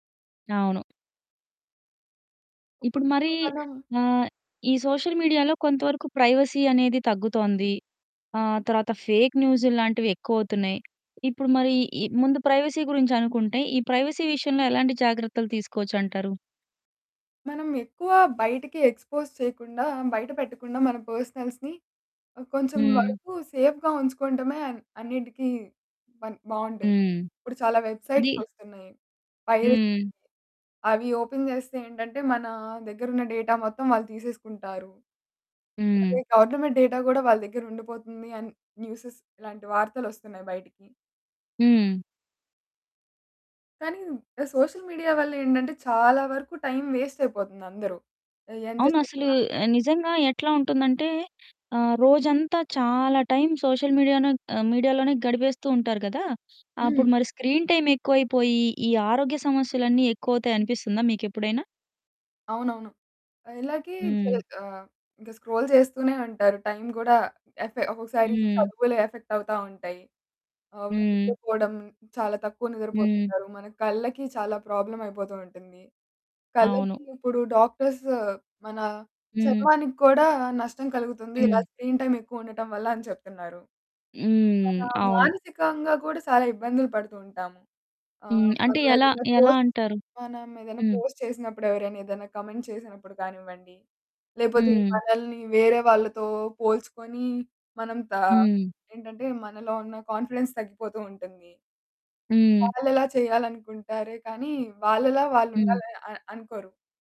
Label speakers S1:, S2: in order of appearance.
S1: అవును.
S2: ఇప్
S1: ఇప్పుడు మరీ
S2: ఇప్పుడు మనం
S1: ఆహ్, ఈ సోషల్ మీడియాలో కొంతవరకు ప్రైవసీ అనేది తగ్గుతోంది. ఆహ్, తర్వాత ఫేక్ న్యూసుళ్ళు లాంటివెక్కువవుతున్నాయి. ఇప్పుడు మరి ఈ ముందు ప్రైవసీ గురించి అనుకుంటే, ఈ ప్రైవసీ విషయంలో ఎలాంటి జాగ్రత్తలు తీసుకోవచ్చంటారు?
S2: మనం ఎక్కువ బయటికి ఎక్స్‌పోజ్ చేయకుండా బయట పెట్టకుండా మన పర్సనల్స్‌ని కొంచెం
S1: హ్మ్.
S2: వరకు సేఫ్‌గా ఉంచుకోవడమే అన్నిటికి బన్ బావుంటుంది.
S1: హ్మ్.
S2: ఇప్పుడు చాలా
S1: అది
S2: వెబ్‌సైట్స్ వస్తున్నాయి. ప్రైరసి...
S1: హ్మ్.
S2: అవి ఓపెన్ జేస్తే ఏంటంటే, మన దగ్గరున్న డేటా మొత్తం వాళ్ళు తీసేసుకుంటారు. అదే
S1: హ్మ్.
S2: గవర్నమెంట్ డేటా గూడా వాళ్ళ దగ్గరుండిపోతుంది అని న్యూస్‌స్ ఇలాంటి వార్తలొస్తున్నాయి బయటికి...
S1: హ్మ్.
S2: కానీ సోషల్ మీడియా వల్లేంటంటే చాలా వరకు టైమ్ వేస్ట్ అయిపోతుంది అందరు. అది ఎంత
S1: అవును. అసలు
S2: చేసినా
S1: నిజంగా ఎట్లా ఉంటుందంటే ఆహ్, రోజంతా చాలా టైమ్ సోషల్ మీడియానన్ ఆహ్, మీడియాలోనే గడిపేస్తూ ఉంటారు కదా!
S2: హ్మ్.
S1: అప్పుడు మరి స్క్రీన్ టైమ్ ఎక్కువైపోయి. ఈ ఆరోగ్య సమస్యలన్నీ ఎక్కువవుతాయనిపిస్తుందా మీకు ఎప్పుడైనా?
S2: అవునవును. అలాగే జ
S1: హ్మ్.
S2: ఆహ్, ఇంక స్క్రోల్ జేస్తూనే అంటారు. టైమ్ గూడా ఎఫె ఒకసారి
S1: హ్మ్.
S2: చదువులు ఎఫెక్ట్ అవుతా ఉంటాయి. అవ్
S1: హ్మ్.
S2: నిద్రపోడం చాలా తక్కువ
S1: హ్మ్.
S2: నిద్రపోతుంటారు మన కళ్ళకి చాలా ప్రాబ్లమ్ అయిపోతూ ఉంటుంది.
S1: అవును.
S2: కళ్ళకి ఇప్పుడు డాక్టర్స్ మన
S1: హ్మ్.
S2: చర్మానికి కూడా నష్టం కలుగుతుంది ఇలా
S1: హ్మ్.
S2: స్క్రీన్ టైమ్ ఎక్కువుండటం వల్ల అని చెప్తున్నారు. మనా
S1: హ్మ్. అవును.
S2: మానసికంగా గూడా చాలా ఇబ్బందులు పడుతూ ఉంటాము. ఆహ్,
S1: హ్మ్. అంటే ఎలా,
S2: మనమేదైనా
S1: ఎలా
S2: పోస్ట్
S1: అంటారు?
S2: మనమేదైనా
S1: హ్మ్.
S2: పోస్ట్ చేసినప్పుడు, ఎవరైనా ఏదైనా కామెంట్ చేసినప్పుడు కానివ్వండి, లేకపోతే
S1: హ్మ్.
S2: మనల్ని వేరే వాళ్ళతో పోల్చుకొని మనం తా
S1: హ్మ్.
S2: ఏంటంటే మనలో ఉన్న కాన్ఫిడెన్స్ తగ్గిపోతూ ఉంటుంది.
S1: హ్మ్.
S2: వాళ్ళలా చేయాలనుకుంటారే కానీ వాళ్ళలా వాళ్ళు
S1: హ్మ్.
S2: ఉండాలని అ అనుకోరు.